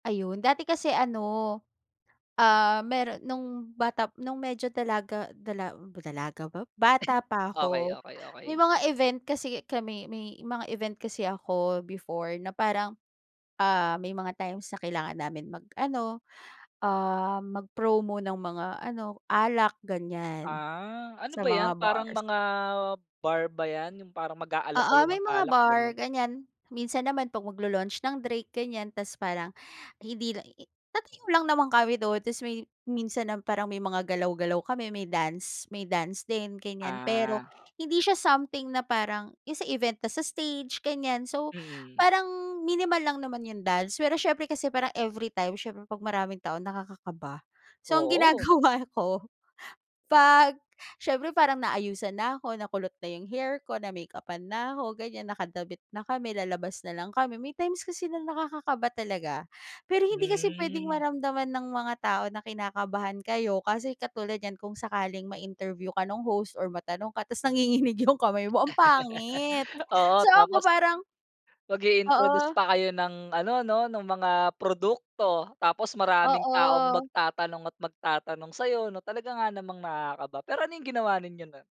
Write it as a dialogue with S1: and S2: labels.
S1: Ayun. Dati kasi ano, ah, mayroon no'ng bata no'ng medyo dalaga dala dalaga ba? Bata pa
S2: Okey
S1: ako.
S2: okey
S1: May
S2: okey.
S1: mga event kasi kami may mga event kasi ako before na parang, ah, may mga times na kailangan namin mag-ano, um, mag-promo ng mga ano, alak ganyan.
S2: Ah, ano
S1: Sa
S2: ba 'yan?
S1: mga
S2: Parang
S1: bars.
S2: mga bar ba 'yan? 'Yong parang mag-aalok
S1: Oo,
S2: kayo
S1: may
S2: ng
S1: mga
S2: alak,
S1: bar,
S2: gano'n?
S1: ganyan. Minsan naman 'pag magla-launch ng drink, ganyan. Tapos parang hindi lang i-i tatayo lang naman kami doon. Tapos may minsan nam parang may mga galaw-galaw kami. May dance may dance din, ganyan. Pero
S2: Ah.
S1: hindi siya something na parang 'yong sa event na sa stage, ganyan. So,
S2: Mm.
S1: parang minimal lang naman 'yong dance. Pero siyempre kasi parang everytime, syempre 'pag maraming tao, nakakakaba. So ang
S2: Oo.
S1: ginagawa ko, 'pag siyempre parang naayusan na'ko, nakulot na 'yong hair ko, na-makeupan na'ko, ganyan, nakadamit na kami, lalabas na lang kami. May times kasi nakakakaba talaga. Pero hindi kasi puwedeng
S2: Hmm.
S1: maramdaman ng mga tao na kinakabahan kayo, kasi katulad niyan kung sakaling ma-interview ka no'ng host or matanong ka, tapos nanginginig 'yong kamay mo, am pangit.
S2: Oo,
S1: So ako
S2: tapos
S1: parang
S2: mag-i-introduce
S1: Oo.
S2: pa kayo ng ano, no? No'ng mga produkto. Tapos maraming taong
S1: Oo.
S2: magtatanong at magtatanong sa 'yo, 'no? Talaga nga namang nakakaba, pero ano 'yong ginawa ninyo no'n?